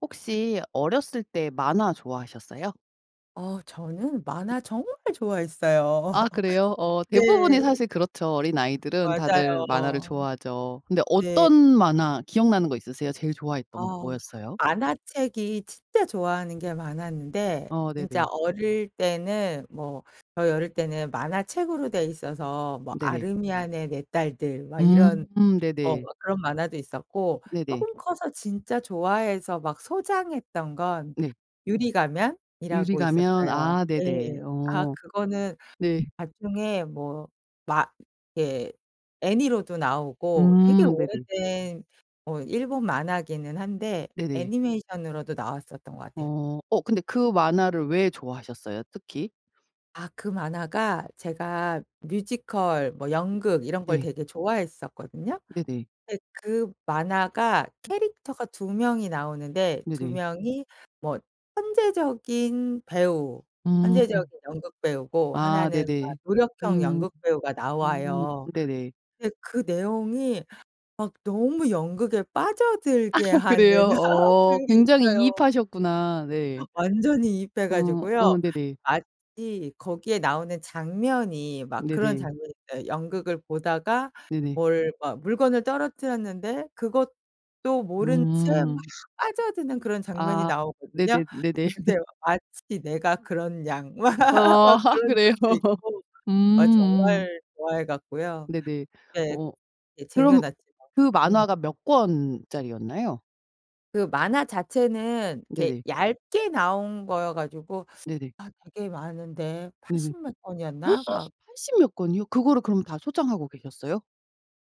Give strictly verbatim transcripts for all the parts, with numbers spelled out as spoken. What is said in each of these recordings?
혹시 어렸을 때 만화 좋아하셨어요? 어. 저는 만화 정말 좋아했어요. 아 그래요. 어. 네. 대부분이 사실 그렇죠. 어린아이들은 다들 만화를 맞아요. 좋아하죠. 근데 네. 어떤 만화 기억나는 거 있으세요? 제일 좋아했던 거 어. 뭐였어요? 만화책이 진짜 좋아하는 게 많았는데 어. 진짜 네네. 어릴 때는 뭐 저희 어릴 때는 만화책으로 되어 있어서 뭐 네네. 아르미안의 네 딸들 막 이런 음. 어 네네. 그런 만화도 있었고 네네. 쪼금 커서 진짜 좋아해서 막 소장했던 건 네. 유리가면이라고 유리가면. 있었어요. 아. 네네. 예. 아 어. 그거는 네. 나중에 뭐 막 이렇게 애니로도 나오고 되게 음. 네네. 오래된 뭐 일본 만화기는 한데 네네. 애니메이션으로도 나왔었던 것 같아요. 어. 어 근데 그 만화를 왜 좋아하셨어요, 특히? 아. 그 만화가 제가 뮤지컬 뭐 연극 이런 걸 네. 되게 좋아했었거든요. 네네. 근데 그 만화가 캐릭터가 두 명이 나오는데 두 네네. 명이 뭐 천재적인 배우 음. 천재적인 연극배우고 아. 하나는 막 네네. 노력형 음. 연극배우가 음. 나와요. 네네. 근데 그 내용이 막 너무 연극에 빠져들게 하는 그래요. 어. 그런 게 굉장히 있어요. 이입하셨구나. 네. 완전히 이입해 어. 가지고요. 어. 네네. 마치 거기에 나오는 장면이 막 그런 네네. 장면이 있어요. 연극을 보다가 네네. 뭘 막 물건을 떨어뜨렸는데 그것도 모른 채 막 음. 빠져드는 그런 장면이 아. 나오거든요. 네네, 네네. 근데 막 마치 내가 그런 양 막 어. 막 아. 그런 그래요. 적도 있고. 음 아 음. 정말 좋아해 갖고요. 네네. 네. 어. 예 쟁여 그럼 놨죠. 그 음. 만화가 몇 권짜리였나요? 그 만화 자체는 이렇게 네네. 얇게 나온 거여 가지고 네네. 아 되게 많은데 네네. 팔십 몇 권이었나? 막 팔십 몇 권이요? 그거를 그럼 다 소장하고 계셨어요?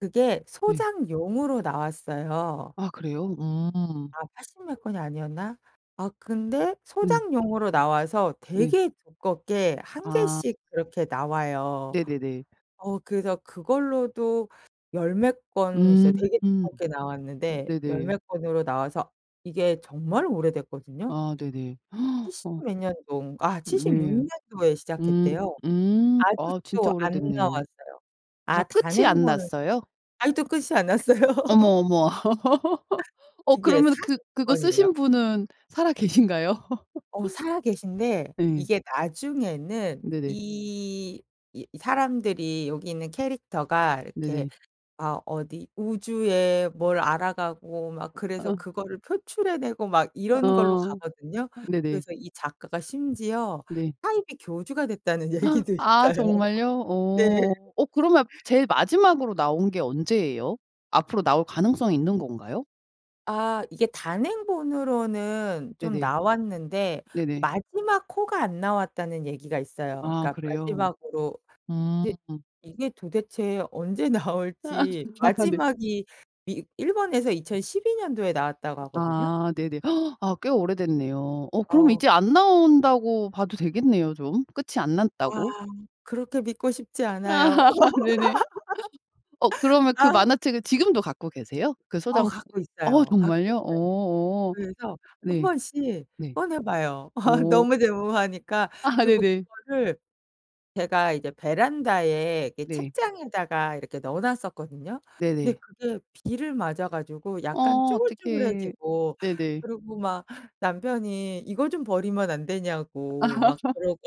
그게 예. 소장용으로 나왔어요. 아 그래요? 음. 아 팔십 몇 권이 아니었나? 아 근데 네. 소장용으로 나와서 네. 되게 두껍게 한 아. 개씩 그렇게 나와요. 네네네. 어 그래서 그걸로도 열 몇 권 이제 음. 되게 으 두껍게 나왔는데 열 네네. 몇 권으로 나와서 이게 정말 오래됐거든요. 아 네네. 칠십 어 몇 년동 아 으 칠십육 네. 년도에 음 시작했대요. 음. 아 진짜 아직도 안 오래됐네요. 나왔어요. 아 아 끝이 안 단행본은 났어요? 아직도 끝이 안 났어요. 어머 어머. 어 이게 그러면은 그 사십구 그거 권이래요. 쓰신 분은 살아 계신가요? 어 살아 계신데 예. 이게 나중에는 네네. 이 이 사람들이 여기 있는 캐릭터가 이렇게 네네. 아 어디 우주에 뭘 알아가고 막 그래서 아. 그거를 표출해 내고 막 아 어. 이런 걸로 어 가거든요. 네네. 그래서 이 작가가 심지어 네. 사이비 교주가 됐다는 얘기도 아 있어요. 정말요? 네. 어. 어 그러면 제일 마지막으로 나온 게 언제예요? 앞으로 나올 가능성이 있는 건가요? 아. 이게 단행본으로는 좀 네네. 나왔는데 네네. 마지막 호가 안 나왔다는 얘기가 있어요. 아 그러니까 그래요? 마지막으로 음. 근데 이게 도대체 언제 아. 나올지. 네. 마지막이 이 일본에서 이천십이 년도에 나왔다고 하거든요. 아 네네. 아 꽤 오래됐네요. 어 그럼 어. 이제 안 나온다고 봐도 되겠네요 좀? 끝이 안 아. 났다고. 그렇게 믿고 싶지 않아요. 네네. 어 그러면 그 아. 만화책을 지금도 갖고 계세요? 그 어. 소장 갖고 어 있어요 갖고 정말요? 있어요. 어 어. 그래서 한 네. 번씩 네. 꺼내 봐요 오. 너무 좋아하니까. 그리고 네네. 그거를 제가 이제 베란다에 이렇게 네. 책장에다가 이렇게 넣어 놨었거든요. 네네. 근데 그게 비를 맞아 가지고 어 약간 어떡해. 쭈글쭈글해지고 네네. 그리고 막 남편이 이거 좀 버리면 안 어 되냐고 막 그러고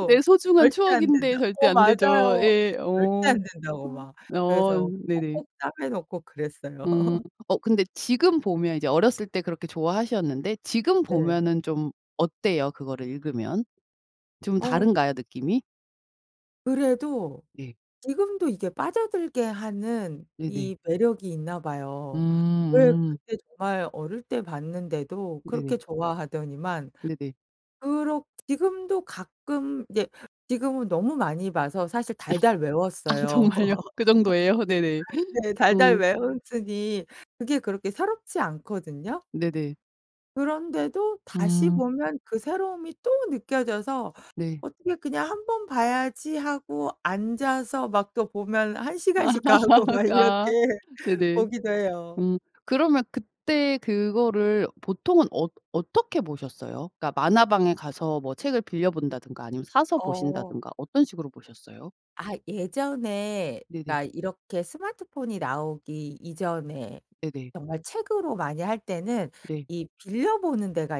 내 소중한 "절대 안 추억인데 된다." 절대 어. 안 되죠. 맞아요. 예. 절대 어. 안 된다고 막 어. 어 그래서 네네. 꼭꼭 싸매 놓고 그랬어요. 음. 어 근데 지금 보면 이제 어렸을 때 그렇게 좋아하셨는데 지금 네. 보면은 좀 어때요 그거를 읽으면? 좀 어. 다른가요 느낌이? 그래도 예. 지금도 이게 빠져들게 하는 네네. 이 매력이 있나 음 봐요. 예. 음. 그때 정말 어릴 때 봤는데도 그렇게 네네. 좋아하더니만 네네. 그러 지금도 가끔 이제 지금은 너무 많이 봐서 사실 달달 아 외웠어요. 정말요? 그 정도예요? 네네. 네 달달 음. 외웠으니 그게 그렇게 새롭지 않거든요. 네네. 그런데도 다시 음. 보면 그 새로움이 또 느껴져서 네. 어떻게 그냥 '한번 봐야지.' 하고 앉아서 막 또 보면 한 아. 시간씩 가고 막 이렇게 아 네네. 보기도 해요. 음 그러면 그때 그거를 보통은 어 어떻게 보셨어요? 그러니까 만화방에 가서 뭐 책을 빌려 본다든가 아니면 사서 어. 보신다든가 어떤 식으로 보셨어요? 아 예전에 네네. 그러니까 이렇게 스마트폰이 나오기 이전에 네네. 정말 책으로 많이 할 때는 네. 이 빌려 보는 데가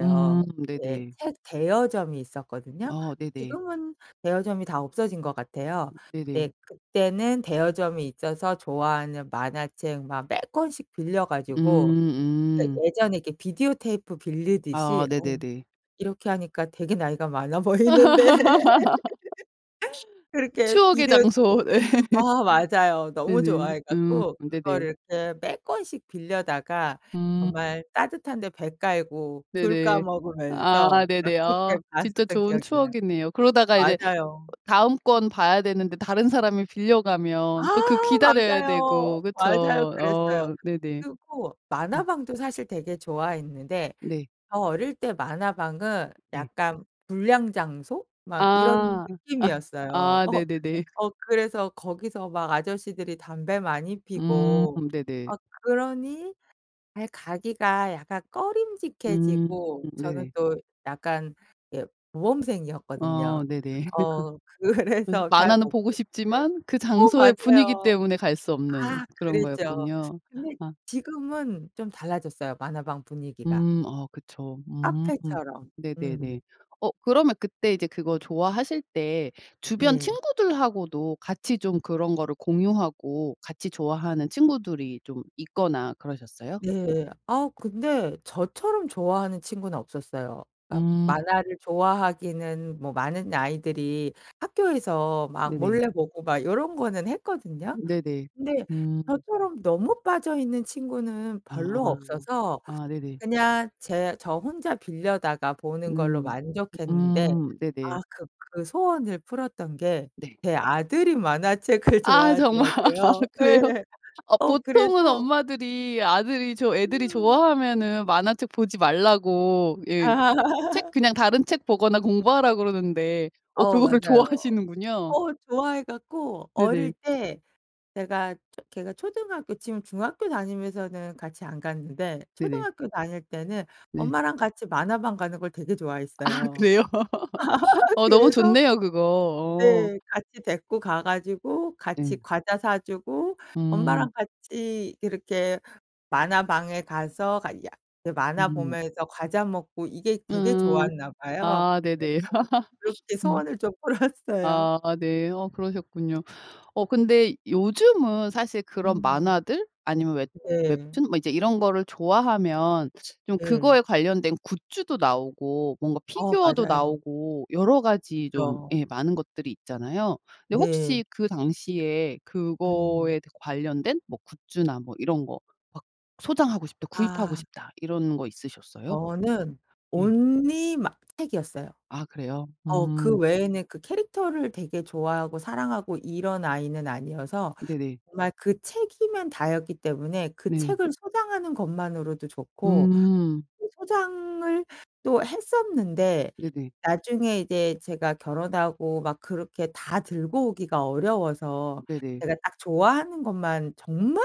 음 네. 네네. 책 대여점이 있었거든요. 어 네네. 지금은 대여점이 다 없어진 것 같아요. 음 네 네네. 그때는 대여점이 있어서 좋아하는 만화책 막 몇 권씩 빌려 음 가지고 네 음. 예전에 이렇게 비디오테이프 아 빌리듯이 어 네네네. 이렇게 하니까 되게 나이가 많아 보이는데. 그렇게 추억의 비디오집 장소. 네. 아 맞아요. 너무 네네. 좋아해 음 갖고 네네. 그거를 이렇게 몇 권씩 빌려다가 음. 정말 따뜻한 데 배 깔고 귤 까 네네. 아 먹으면서 막 네네. 아 그렇게 진짜 봤었던 좋은 기억이 나요. 추억이네요. 그러다가 이제 맞아요. 다음 권 봐야 되는데 다른 사람이 빌려 아 가면 또 그 기다려야 맞아요. 되고 그쵸? 맞아요. 그랬어요. 어 네네. 그리고 음. 만화방도 사실 되게 좋아했는데 네. 저 어릴 때 만화방은 예. 약간 불량 장소 막 이런 아. 아 느낌이었어요. 아 네네네. 어 그래서 거기서 막 아저씨들이 담배 많이 음 피고 네네. 어 그러니 아이 가기가 약간 음 꺼림직해지고 저는 네. 또 약간 이렇게 모범생이었거든요. 어 네네. 어 그래서 그래서 잘 만화는 못 보고 갔는데. 싶지만 그 어 장소의 분위기 맞아요. 때문에 갈 수 없는 아 그런 그랬죠. 거였군요. 근데 아. 지금은 좀 달라졌어요 만화방 분위기가. 음 아 그쵸. 음. 카페처럼. 네네네. 음. 어 그러면 그때 이제 그거 좋아하실 때 주변 네. 친구들하고도 같이 좀 그런 거를 공유하고 같이 좋아하는 친구들이 좀 있거나 그러셨어요? 네. 아 근데 저처럼 좋아하는 친구는 없었어요. 그니까 음. 만화를 좋아하기는 뭐 많은 아이들이 학교에서 막 네네. 몰래 보고 막 요런 거는 했거든요. 음 네네. 근데 음. 저처럼 너무 빠져 있는 친구는 별로 아. 없어서 아 네네. 그냥 제 저 혼자 빌려다가 보는 걸로 음. 만족했는데 음 네네. 아 그 그 소원을 풀었던 게 네. 제 아들이 만화책을 아 정말 좋아하더라고요. 그래요? 예. 어 어 보통은 그래서 엄마들이 아들이 좋 애들이 음. 좋아하면은 만화책 보지 말라고 예 책 그냥 다른 책 보거나 공부하라고 그러는데 어 어 그거를 맞아요. 좋아하시는군요. 어 좋아해 갖고 어릴 네네. 때 제가 초 걔가 초등학교 지금 중학교 다니면서는 같이 안 갔는데 네네. 초등학교 다닐 때는 네. 엄마랑 같이 만화방 가는 걸 되게 아 좋아했어요. 그래요? 어 너무 그래서 좋네요 그거. 어. 네 같이 데리고 가 가지고 같이 네. 과자 사 주고 음. 엄마랑 같이 이렇게 만화방에 가서 가야 그 만화 음. 보면서 과자 먹고 이게 되게 음. 좋았나 봐요. 아 그래서 네네. 그렇게 음. 소원을 좀 풀었어요. 아 네. 어 그러셨군요. 어 근데 요즘은 사실 그런 음. 만화들 아니면 웹 네. 웹툰 뭐 이제 이런 거를 좋아하면 좀 네. 그거에 관련된 굿즈도 나오고 뭔가 어 피규어도 맞아요. 나오고 여러 가지 좀 그쵸. 예 많은 것들이 있잖아요. 근데 네. 혹시 그 당시에 음. 그거에 관련된 뭐 굿즈나 뭐 이런 거 막 '소장하고 싶다. 구입하고 아. 싶다.' 이런 거 있으셨어요? 저는 예. only 막 책이었어요. 아 그래요? 어 그 음. 외에는 그 캐릭터를 되게 좋아하고 사랑하고 이런 아이는 아니어서 네네. 정말 그 책이면 다였기 때문에 그 네. 책을 소장하는 것만으로도 좋고 음. 또 소장을 또 했었는데 네네. 나중에 이제 제가 결혼하고 막 그렇게 다 들고 오기가 음 어려워서 네네. 제가 딱 좋아하는 것만 정말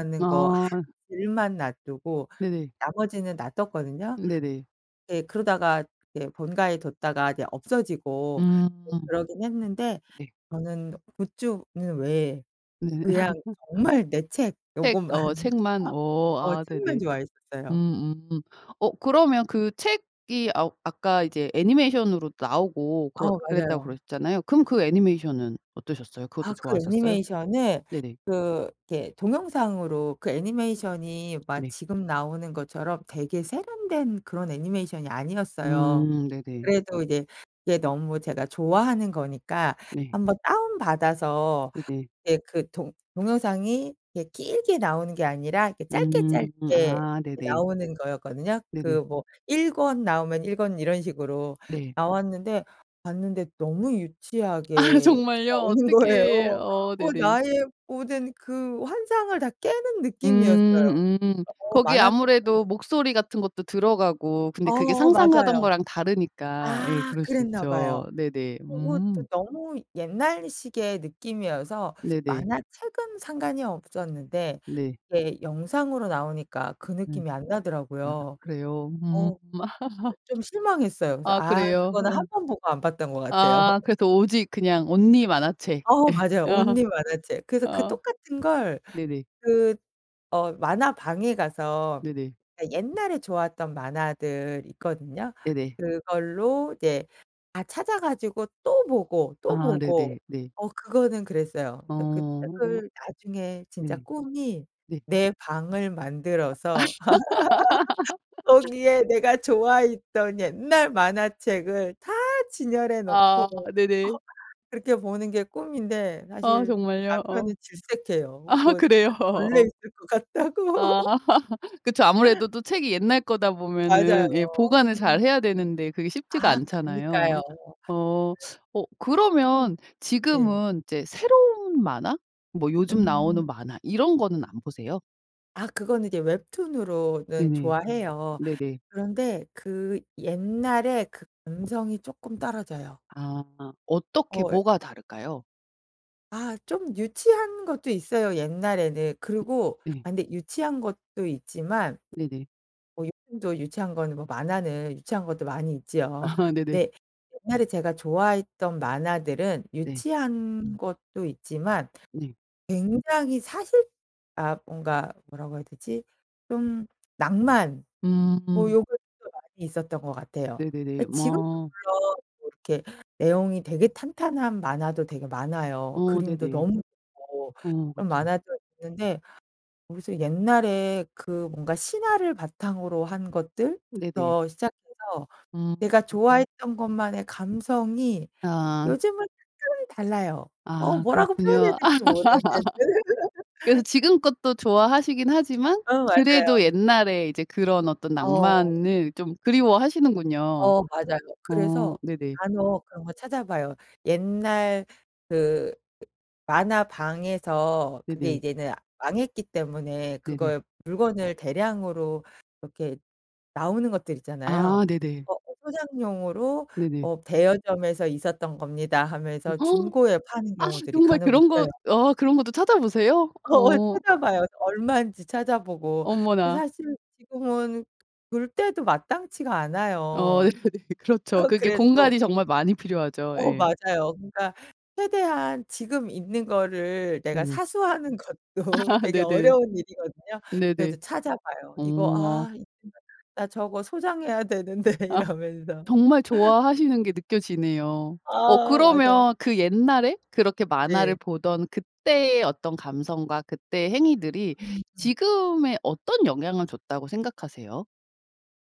음 거 한 아. 질만 놔 두고 네네. 나머지는 놔 뒀거든요. 으 네네. 네 그러다가 이제 본가에 뒀다가 이제 없어지고 음. 그러긴 했는데 네. 저는 굿즈는 왜 네. 그냥 정말 내 책 책 요고만 어 책만. 어 어 아 책만 네네. 좋아했었어요. 음 음. 어 그러면 그 책이 아 아까 이제 애니메이션으로도 나오고 그렀 어 그랬다고 맞아요. 그러셨잖아요. 그럼 그 애니메이션은 어떠셨어요? 그것도 아 그 좋아하셨어요? 애니메이션은 네네. 그 이렇게 동영상으로 그 애니메이션이 막 네. 지금 나오는 것처럼 되게 세련된 그런 애니메이션이 아니었어요. 음 네네. 그래도 이제 이게 너무 제가 좋아하는 거니까 네. 한번 다운 받아서 네네. 이렇게 그 동 동영상이 이렇게 길게 나오는 게 아니라 이렇게 짧게 음. 짧게 아 이 네네. 나오는 거였거든요. 네네. 그 뭐 일 권 나오면 일 권 이런 식으로 네. 나왔는데 봤는데 너무 아 유치하게 정말요? 나오는 거예요. 어떡해. 어 어 네네. 나의 모든 그 환상을 다 깨는 느낌이었어요. 음 음. 어 거기 만화책 아무래도 보면 목소리 같은 것도 들어가고 근데 그게 어 상상하던 맞아요. 거랑 다르니까 예 아 그럴 수 그랬나 있죠. 봐요. 네네. 그리고 음. 또 너무 옛날식의 느낌이어서 네네. 만화책은 상관이 없었는데 네. 이게 영상으로 나오니까 그 예. 느낌이 안 아 나더라고요. 그래요? 음. 어 그 좀 실망했어요. 그래서 아 아 그래요? 그거는 한 응. 번 보고 안 봤던 것 같아요. 아 그래서 오직 그냥 only 만화책. 어 맞아요. 예. 아. only 만화책. 그래서 그 어 똑같은 걸 네네. 그 어 만화방에 가서 네네. 그러니까 옛날에 좋았던 만화들 있거든요. 네네. 그걸로 이제 다 찾아 가지고 또 보고 또 아 보고 네네 네. 어 그거는 그랬어요. 그래서 그 어 책을 나중에 진짜 네. 꿈이 네. 내 방을 만들어서 거기에 내가 좋아했던 옛날 만화책을 다 진열해 놓고. 아 네네. 그렇게 보는 게 꿈인데 아 사실 정말요? 어. 남편은 질색해요. 아 그거 그래요? 책 벌레 어어어. 있을 것 같다고. 아 그쵸. 아무래도 또 책이 옛날 거다 맞아요. 보면은 예 보관을 음. 잘 해야 되는데 그게 쉽지가 아 않잖아요. 그러니까요. 그래서 어 어 음 그러면 네. 지금은 이제 새로운 만화 뭐 요즘 음. 나오는 만화 이런 거는 안 보세요? 아 그거는 이제 웹툰으로는 네네. 좋아해요. 네네. 그런데 그 옛날에 그 감성이 조금 떨어져요. 아. 어떻게 어 예. 뭐가 다를까요? 아 좀 유치한 것도 있어요 옛날에는. 그리고 네. 아 근데 유치한 것도 있지만 네네. 뭐 요즘도 유치한 거는 뭐 만화는 유치한 것도 많이 있지요. 아 네네. 근데 옛날에 제가 좋아했던 만화들은 네. 유치한 것도 있지만 네. 굉장히 사실 아 뭔가 뭐라고 해야 되지 좀 낭만 뭐 음. 요런 것도 많이 있었던 거 같아요. 어 네네네. 지금도 뭐 아. 물론 뭐 이렇게 내용이 되게 탄탄한 만화도 되게 많아요. 어 그림도 네네. 너무 좋고 어 그런 그쵸. 만화도 있는데 모르겠어요. 옛날에 그 뭔가 신화를 바탕으로 한 네네. 것들부터 시작해서 음. 내가 좋아했던 것만의 감성이 아. 요즘은 특별히 달라요. 어 아 뭐라고 표현해야 그렇군요. 될지 모르겠어. 그래서 지금 것도 좋아하시기는 하지만 어 그래도 맞아요. 옛날에 이제 그런 어떤 어. 낭만을 좀 그리워하시는군요. 어 맞아요. 어 그래서 네네. 간혹 그런 거 찾아봐요. 옛날 그 만화방에서 그게 네네. 이제는 망했기 때문에 네네. 그걸 물건을 대량으로 이렇게 나오는 것들 있잖아요. 아 네네. 어 [unintelligible] '소장용으로 네네. 어 대여점에서 있었던 겁니다.' 음. 하면서 중고에 파는 아 경우들이 정말 간혹 그런 것 있어요. 어 그런 거도 찾아보세요? 거의 어. 찾아봐요. 그래서 얼마인지 찾아보고. 어머나. 사실 지금은 둘 때도 마땅치가 어 않아요. 그렇죠. 그게 그래도 공간이 정말 많이 필요하죠. 어 예. 맞아요. 그러니까 최대한 지금 있는 거를 내가 네네. 사수하는 것도 되게 네네네. 어려운 일이거든요. 그래도 네네. 찾아봐요. 어 이거 와. '아 이 [unintelligible] 나 저거 소장해야 되는데.' 아 이러면서. 정말 좋아하시는 게 느껴지네요. 어 아 맞아요. 그러면 그 옛날에 그렇게 만화를 네. 보던 그때의 어떤 감성과 그때의 행위들이 음. 지금에 어떤 영향을 줬다고 생각하세요?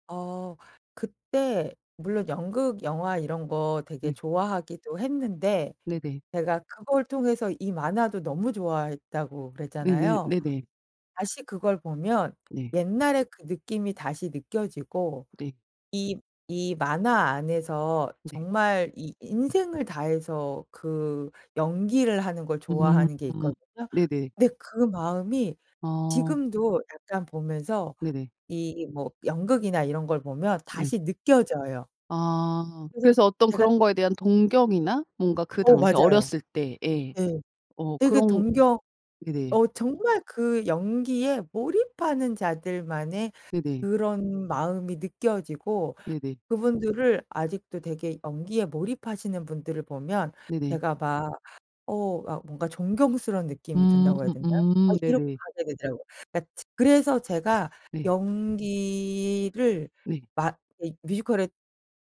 어 그때 물론 연극, 영화 이런 거 되게 네. 좋아하기도 했는데 네네. 제가 그걸 통해서 이 만화도 너무 좋아했다고 네네, 그랬잖아요. 네네. 다시 그걸 보면 네. 옛날의 그 느낌이 다시 느껴지고 네. 이, 이 만화 안에서 네. 정말 이 인생을 다해서 그 연기를 하는 걸 음. 좋아하는 게 있거든요. 네네. 근데 그 마음이 어. 지금도 약간 보면서 네네. 이 뭐 연극이나 이런 걸 보면 네. 다시 느껴져요. 아. 그래서 그래서 어떤 제가 그런 거에 대한 동경이나 뭔가 그 어, 당시 맞아요. 어렸을 때 예. 네. 어 되게 그런 동경 네네. 어 정말 그 연기에 몰입하는 자들만의 네네. 그런 마음이 느껴지고 네네. 그분들을 아직도 되게 연기에 몰입하시는 분들을 보면 네네. 제가 막 어 막 뭔가 존경스러운 느낌이 음. 든다고 해야 되나요? 아 음. 이렇게 네네. 가지게 되더라고요. 그니까 제 그래서 제가 네. 연기를 네. 막 이 뮤지컬에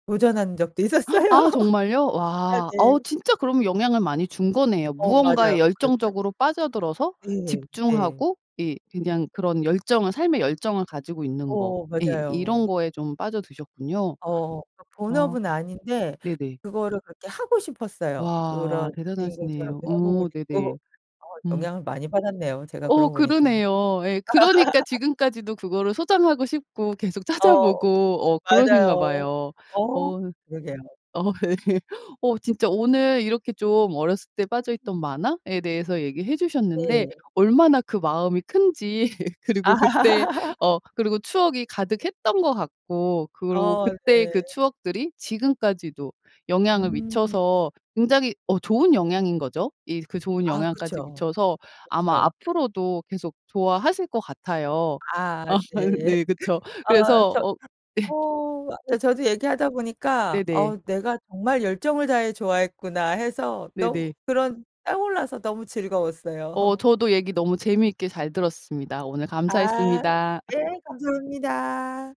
도전한 적도 있었어요. 아 정말요? 아 와. 어 네. 진짜 그러면 영향을 많이 준 거네요. 어 맞아요. 무언가에 그랬어요. 열정적으로 빠져들어서 네. 네. 집중하고 이 그냥 그런 열정을 삶의 열정을 가지고 있는 거. 어 예 이런 맞아요. 거에 좀 빠져드셨군요. 어, 그러니까 어 본업은 아닌데 네네. 그거를 그렇게 하고 싶었어요. 와 그런 주인공처럼도 대단하시네요. 해보고 어 네네. 싶고 어 음. 영향을 많이 받았네요, 제가 어 그러고 보니까. 그러네요. 예. 그러니까 지금까지도 그거를 소장하고 싶고 계속 찾아 어 보고 어 그러신가 맞아요. 봐요. 어 어, 그러게요. 어 예. 어 진짜 오늘 이렇게 좀 어렸을 때 빠져 있던 만화에 대해서 얘기해 주셨는데 네. 얼마나 그 마음이 큰지 그리고 그때 어 그리고 추억이 가득했던 것 같고 그리고 아 그때의 그 네. 추억들이 지금까지도 영향을 음. 미쳐서 굉장히 어 좋은 영향인 거죠 이 그 좋은 아 영향까지 그쵸. 미쳐서 아마 그쵸. 앞으로도 계속 좋아하실 것 같아요. 아 네. 네 그쵸. 어 그래서 저 어 예. 그 어 저도 얘기하다 보니까 네네. 어 "내가 정말 열정을 다 해 좋아했구나." 해서 너무 네네. 그런 떠올라서 너무 어 즐거웠어요. 저도 얘기 너무 재미있게 잘 들었습니다. 오늘 아 감사했습니다 아. 네. 감사합니다.